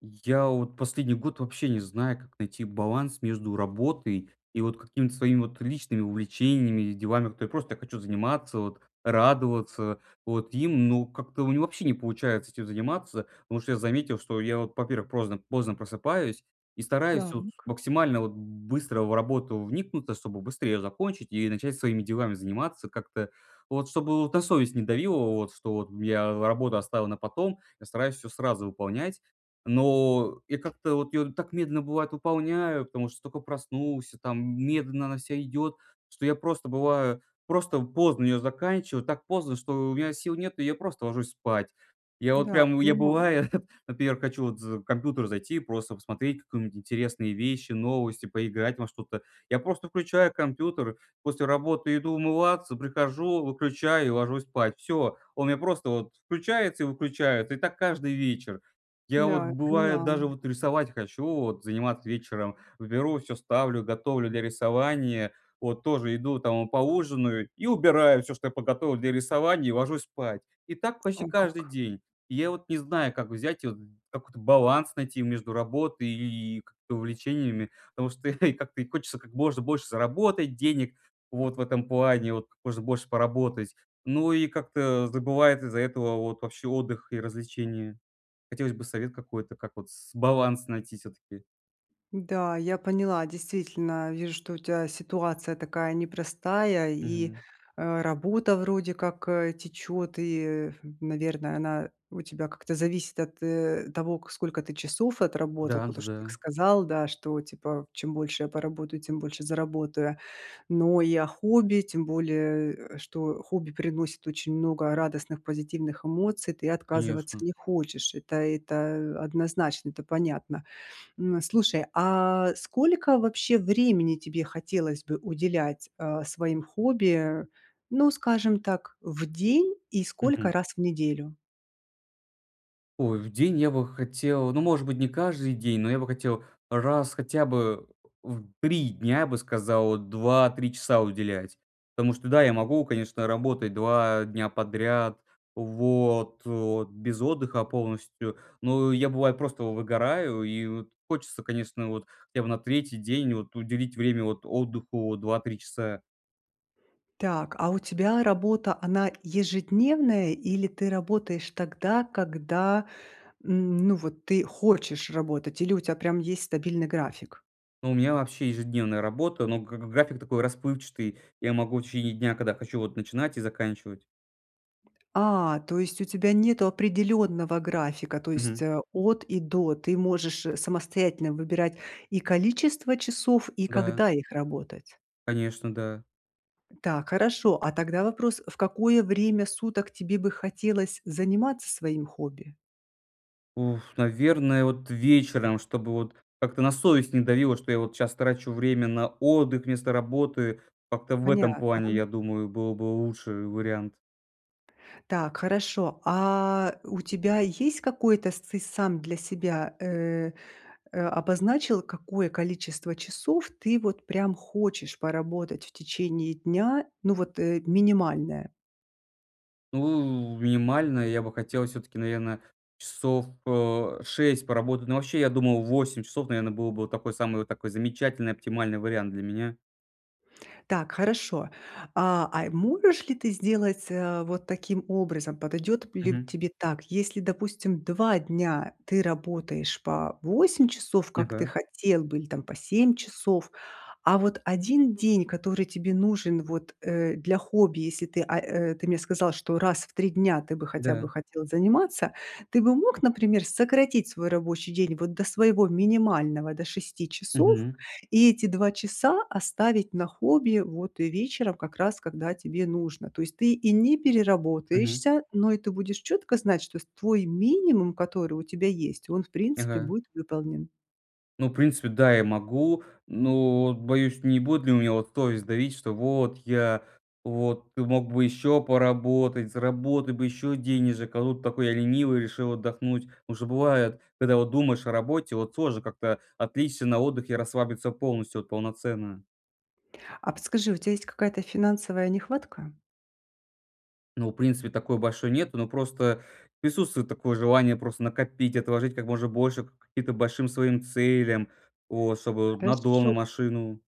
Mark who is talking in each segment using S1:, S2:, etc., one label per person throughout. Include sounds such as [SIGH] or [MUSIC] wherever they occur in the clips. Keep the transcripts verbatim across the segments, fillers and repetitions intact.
S1: Я вот последний год вообще не знаю, как найти баланс между работой и вот какими-то своими вот личными увлечениями и делами, которые я просто хочу заниматься, вот радоваться вот им, ну, как-то у меня вообще не получается этим заниматься. Потому что я заметил, что я вот, во-первых, прозно поздно просыпаюсь и стараюсь вот
S2: Так.
S1: максимально вот б быстро в работу вникнуться, чтобы быстро ее закончить и начать своими делами заниматься как-то вот, чтобы на совесть не давила вот, что вот я работу оставил на потом, я стараюсь всё сразу выполнять. Но я как-то вот ее так медленно, бывает, выполняю, потому что только проснулся там, медленно она вся идет, что я просто бываю, просто поздно ее заканчиваю, так поздно, что у меня сил нет, и я просто ложусь спать. Я вот
S2: Да,
S1: прям, я,
S2: понимаю.
S1: бывает, [CHUCKLES] например, хочу вот за компьютер зайти и просто посмотреть какую-нибудь интересные вещи, новости, поиграть во что-то. Я просто включаю компьютер, после работы иду умываться, прихожу, выключаю и ложусь спать. Всё. Он мне просто вот включается и выключается, и так каждый вечер. Я вот
S2: Да, я
S1: бывает
S2: поняла.
S1: даже вот рисовать хочу, вот заниматься вечером, беру вот всё ставлю, готовлю для рисования, вот тоже иду, там поужинаю и убираю всё, что я подготовил для рисования, и ложусь спать. И так почти
S2: О,
S1: каждый
S2: как.
S1: день. И я вот не знаю, как взять вот какой-то баланс найти между работой и и как-то увлечениями, потому что [CHUCKLES] и как-то и хочется как можно больше заработать денег вот в этом плане, вот как можно больше поработать, ну, и как-то забывает из-за этого вот вообще отдых и развлечения. Хотелось бы совет какой-то, как вот с баланс найти всё-таки.
S2: Да, я поняла, действительно. Вижу, что у тебя ситуация такая непростая, и,
S1: Мгм.
S2: э, работа вроде как, э, течет, и, наверное, она у тебя как-то зависит от, э, того, к сколько ты часов отработал, потому что ты к
S1: Да-да-да.
S2: сказал, да, что типа чем больше я поработаю, тем больше заработаю. Но и о хобби, тем более, э, что хобби приносит очень много радостных позитивных эмоций, ты отказываться
S1: Конечно.
S2: не хочешь. Это это однозначно, это понятно. М, слушай, а сколько вообще времени тебе хотелось бы уделять, а, своим хобби? Ну, скажем так, в день- и сколько
S1: Мгм.
S2: раз в неделю?
S1: Ой, в день я бы хотел, ну, может быть, не каждый день, но я бы хотел раз хотя бы, в три дня, я бы сказал, два три часа уделять. Потому что, да, я могу, конечно, работать два дня подряд, вот вот без отдыха полностью, но я, бывает, просто выгораю и вот хочется, конечно, вот я бы на третий день вот уделить время от отдыху два три часа.
S2: Так, а у тебя работа, она ежедневная или ты работаешь тогда, когда, м, ну, вот ты хочешь работать, или у тебя прям есть стабильный график?
S1: Ну, у меня вообще ежедневная работа, но г г график такой расплывчатый. Я могу в течение дня, когда хочу, вот начинать и заканчивать.
S2: А, то есть у тебя нету определённого графика. То есть,
S1: Мгм.
S2: э, "от и до", ты можешь самостоятельно выбирать и количество часов, и
S1: Да.
S2: когда их работать?
S1: Конечно, да.
S2: Так, хорошо. А тогда вопрос: в какое время суток тебе бы хотелось заниматься своим хобби?
S1: Уф, наверное, вот вечером, чтобы вот как-то на совесть не давило, что я вот щас трачу время на отдых вместо работы как-то в этом плане,
S2: Понятно.
S1: я думаю, был бы лучше вариант.
S2: Так хорошо, а у тебя есть какой-то сцы ты сам для себя, э э, обозначил какое количество часов ты вот прям хочешь поработать в течение дня, ну, вот, э, минимальное?
S1: Ну, минимально я бы хотел всё-таки, наверное, часов, э, шесть поработать. Ну вообще, я думал, восемь часов, наверное, было бы такой, самый вот такой замечательный оптимальный вариант для меня.
S2: Так, хорошо. А а, можешь ли ты сделать, э, вот таким образом? Подойдет лю
S1: Мгм.
S2: тебе так? Если, допустим, два дня ты работаешь по восемь часов, как ты
S1: Ага.
S2: хотел бы, или там по семь часов. А вот один день, который тебе нужен вот, э, для хобби, если ты, а, э, ты мне сказал, что раз в три дня ты бы хотя
S1: Да.
S2: бы хотел заниматься. Ты бы мог, например, сократить свой рабочий день вот до своего минимального, до шести часов.
S1: Мгм.
S2: И эти два часа оставить на хобби вот и вечером, как раз когда тебе нужно. То есть ты и не
S1: Мгм.
S2: переработаешься, но и ты будешь четко знать, что с твой минимум, который у тебя есть, он, в принципе,
S1: Ага.
S2: будет выполнен.
S1: Ну, в принципе, да, я могу, но вот боюсь, не будет ли у меня вот совесть давить, что вот, я вот, ты мог бы еще поработать, заработать бы еще денежек, а тут такой я ленивый решил отдохнуть. Уже бывает, когда вот думаешь о работе, вот сложно как-то отвлечься на отдыхе, расслабиться полностью, вот полноценно.
S2: А подскажи, у тебя есть какая-то финансовая нехватка?
S1: Ну, в принципе, такой большой нет, но просто присутствует такое желание просто накопить, отложить как можно больше, к к каким-то большим своим целям вот, чтобы на дом,
S2: Хорошо.
S1: на машину.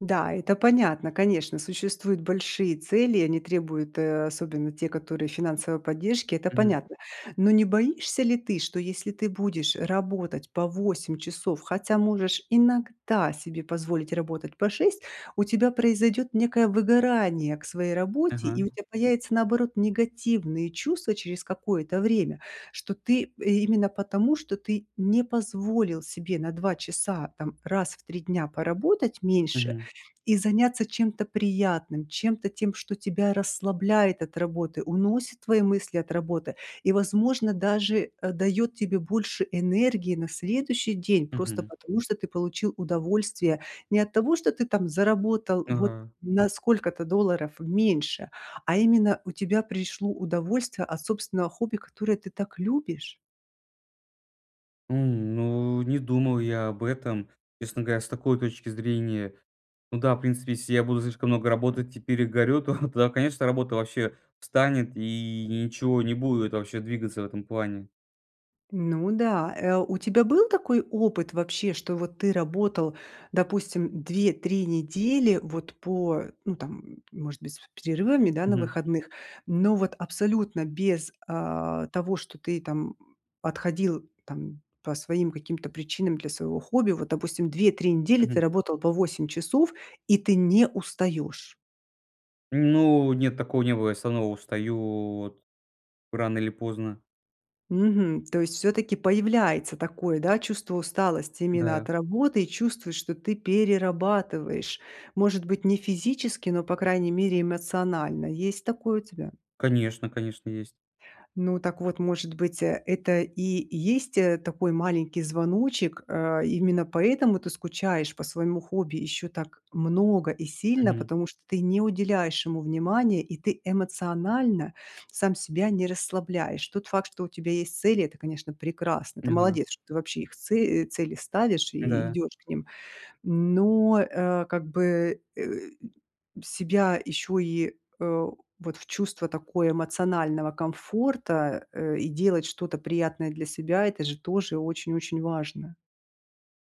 S2: Да, это понятно. Конечно, существуют большие цели, они требуют, э, особенно те которые финансовой поддержки. Это
S1: Мгм.
S2: понятно. Но не боишься ли ты, что если ты будешь работать по восемь часов, хотя можешь иногда себе позволить работать по шесть, у тебя произойдет некое выгорание к своей работе? И
S1: Ага.
S2: у тебя появятся наоборот негативные чувства через какое-то время, что ты, именно потому, что ты не позволил себе на два часа, там раз в три дня поработать меньше
S1: Мгм.
S2: и заняться чем-то приятным, чем-то тем, что тебя расслабляет от работы, уносит твои мысли от работы и возможно даже, э, дает тебе больше энергии на следующий день просто
S1: Мгм.
S2: потому, что ты получил удовольствие. Не от того, что ты там заработал вот
S1: Ага.
S2: на сколько-то долларов меньше, а именно у тебя пришло удовольствие от собственного хобби, которое ты так любишь.
S1: У, ну, не думал я об этом, честно говоря, с такой точки зрения. Ну да, в принципе, если я буду слишком много работать и перегорю, то [CHUCKLES] тогда, конечно, работа вообще встанет, и ничего не будет, вообще, двигаться в этом плане.
S2: Ну да. Э, у тебя был такой опыт вообще, что вот ты работал, допустим, две три недели вот по, ну там, м, может быть с перерывами, да, на
S1: Мгм.
S2: выходных, но вот абсолютно без, а, того, что ты там отходил там по своим каким-то причинам для своего хобби. Вот, допустим, две три недели ты
S1: Мгм.
S2: работал по восемь часов и ты не устаешь.
S1: Ну, нет, такого не было, я всё равно устаю вот рано или поздно.
S2: Мгм. То есть всё-таки появляется такое, да, чувство усталости именно
S1: Да.
S2: от работы и чувствуешь, что ты перерабатываешь. Может быть не физически, но, по крайней мере, эмоционально. Есть такое у тебя?
S1: Конечно, конечно, есть.
S2: Ну, так вот может быть, э, это и есть, э, такой маленький звоночек. Э, именно поэтому ты скучаешь по своему хобби еще так много и сильно,
S1: Мгм.
S2: потому что ты не уделяешь ему внимания, и ты эмоционально сам себя не расслабляешь. Тот факт, что у тебя есть цели- это, конечно, прекрасно, ты
S1: Не знаю.
S2: молодец, что ты вообще их це э, цели ставишь и
S1: Да.
S2: идешь к ним. Но, э, как бы, э, себя еще и, э, вот в чувство такое эмоционального комфорта, э, и делать что-то приятное для себя- это же тоже очень-очень важно.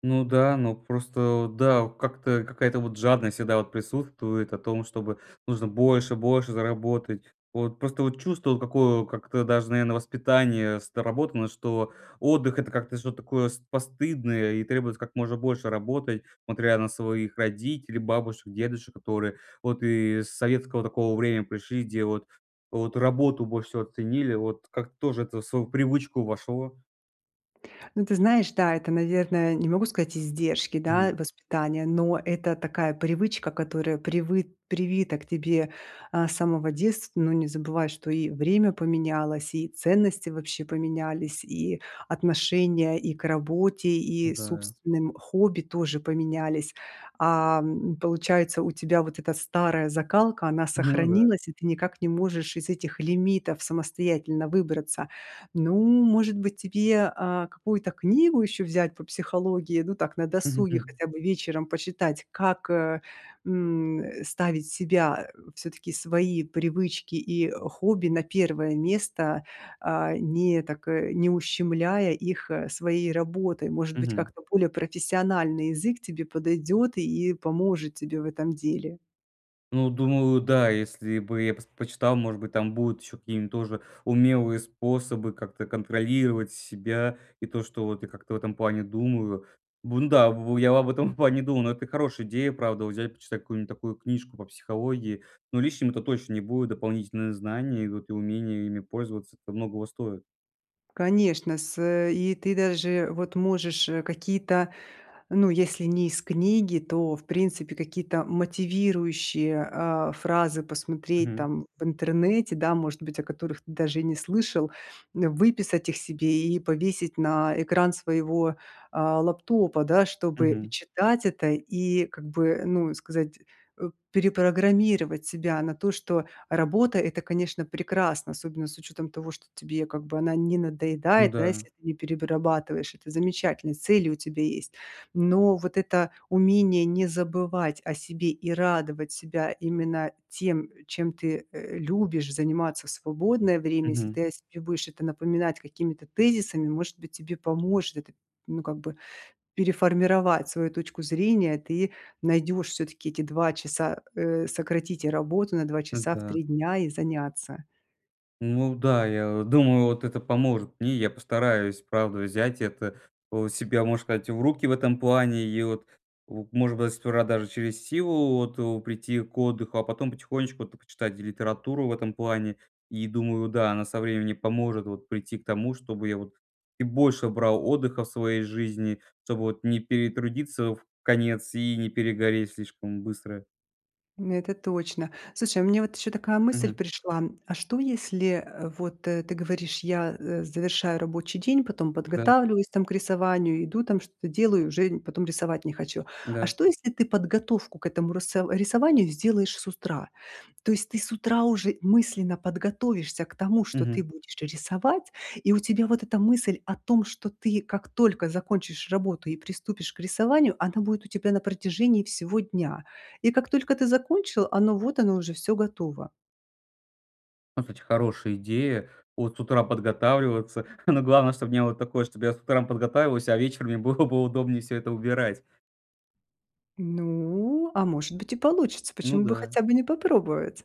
S1: Ну да, ну просто, вот да, вот как-то какая-то вот жадность всегда вот присутствует о том, чтобы нужно больше, больше заработать. Вот просто вот чувство, вот какое, как-то даже наверно воспитание сработано, что отдых- это как-то что-то такое с постыдное и требует как можно больше работать, смотря на своих родителей, бабушек, дедушек, которые вот и с советского такого времени пришли, делают вот эту работу больше всего ценили. Вот как тоже это в свою привычку вошло?
S2: Ну ты знаешь, да, это, наверное, не могу сказать издержки,
S1: Мгм.
S2: да, воспитания, но это такая привычка, которая привыт привита к тебе, а, с самого детства. Но не забывай, что и время поменялось, и ценности вообще поменялись, и отношение и к работе, и
S1: М-да.
S2: собственным хобби тоже поменялись. А, м, получается у тебя вот эта старая закалка она
S1: Ну да.
S2: сохранилась, и ты никак не можешь из этих лимитов самостоятельно выбраться. Ну, может быть, тебе, а, какую-то книгу еще взять по психологии, ну так на досуге,
S1: Мгм.
S2: хотя бы вечером почитать? Как, э, м, э, ставить себя, э, всё-таки свои привычки и хобби на первое место, а, не так, э, не ущемляя их, э, своей работой? Может быть,
S1: Мгм.
S2: как-то более профессиональный язык тебе подойдет и поможет тебе в этом деле.
S1: Ну, думаю, да, если бы я пос почитал, может быть там будут еще какие-то тоже умелые способы как-то контролировать себя и то, что вот я как-то в этом плане думаю. Бун да, б б я об этом в плане думаю, но это хорошая идея, правда, вот взять почитать какую-нибудь такую книжку по психологии. Ну, лишним это точно не будет, дополнительные знания идут и умение ими пользоваться, это многого стоит.
S2: Конечно, с, э, и ты даже вот можешь, э, какие-то, ну, если не из книги, то в принципе какие-то мотивирующие, а, фразы посмотреть
S1: Мгм.
S2: там в интернете, да, может быть, о которых ты даже и не слышал, м, выписать их себе и повесить на экран своего, а, лэптопа, да. Чтобы и
S1: Мгм.
S2: читать это и как бы, ну, сказать, э, перепрограммировать себя на то, что работа- это, конечно, прекрасно, особенно с учетом того, что тебе как бы она не
S1: Ну
S2: надоедает, да,
S1: да.
S2: если ты не перебарабатываешь. Это замечательно, и цели у тебя есть. Но вот это умение не забывать о себе и радовать себя именно тем, чем ты, э, любишь заниматься в свободное время, если
S1: Мгм.
S2: ты о себе будешь это напоминать какими-то тезисами, может быть, тебе поможет, ну, как бы переформировать свою точку зрения, и ты найдешь все-таки эти два часа, э, сократить работу на два
S1: М,
S2: часа в
S1: да.
S2: три дня и заняться.
S1: Ну да, я вот думаю вот это поможет мне. Я постараюсь правда взять это вот, себя можно сказать в руки в этом плане и вот в может быть даже сперва через силу вот, э, прийти к отдыху. А потом потихонечку это почитать и литературу в этом плане, и думаю, да, она со временем поможет вот прийти к тому, чтобы я вот и больше брал отдыха в своей жизни, чтобы вот не перетрудиться вконец и не перегореть слишком быстро.
S2: М, это точно. Слушай, а мне вот еще такая мысль
S1: Мгм.
S2: пришла, а что если, э, вот, э, ты говоришь я, э, завершаю рабочий день, потом
S1: Да.
S2: подготавливаюсь там к рисованию, иду там что-то делаю, и уже н потом рисовать не хочу. А
S1: Да.
S2: что если ты подготовку к этому рысов рисованию сделаешь с устра? То есть ты с утра уже мысленно подготовишься к тому, что ты
S1: Мгм.
S2: будешь рисовать, и у тебя вот эта мысль о том, что ты как только закончишь работу и приступишь к рисованию, она будет у тебя на протяжении всего дня. И как только ты закончил, оно вот оно уже всё готово.
S1: Ну хач хорошая идея, вот с утра подготавливаться. Ну главное, чтобы не вот такое, чтобы я с утра подготавливался, а вечером мне было бы удобнее всё это убирать.
S2: Ну, а может быть и получится,
S1: Ну
S2: почему бы
S1: да.
S2: хотя бы не попробовать?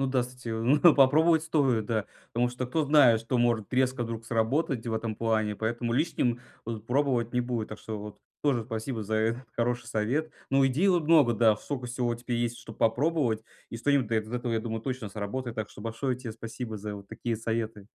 S1: Ну да кстати, но попробовать стоит, да потому что кто знает, что может резко вдруг сработать в этом плане, поэтому лишним вот пробовать не будет. Так что вот тоже спасибо за этот хороший совет. Ну идей вот много, да, сколько всего теперь есть, чтоб попробовать, и что-нибудь да из этого я думаю точно сработает. Так что большое тебе спасибо за вот такие советы.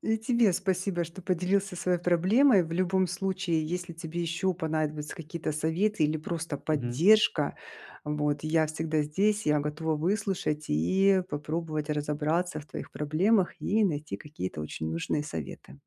S2: И тебе спасибо, что поделился своей проблемой. В любом случае, если тебе еще понадобятся какие-то советы или просто
S1: Мгм.
S2: поддержка, вот, я всегда здесь, я готова выслушать и попробовать разобраться в твоих проблемах, и найти какие-то очень нужные советы.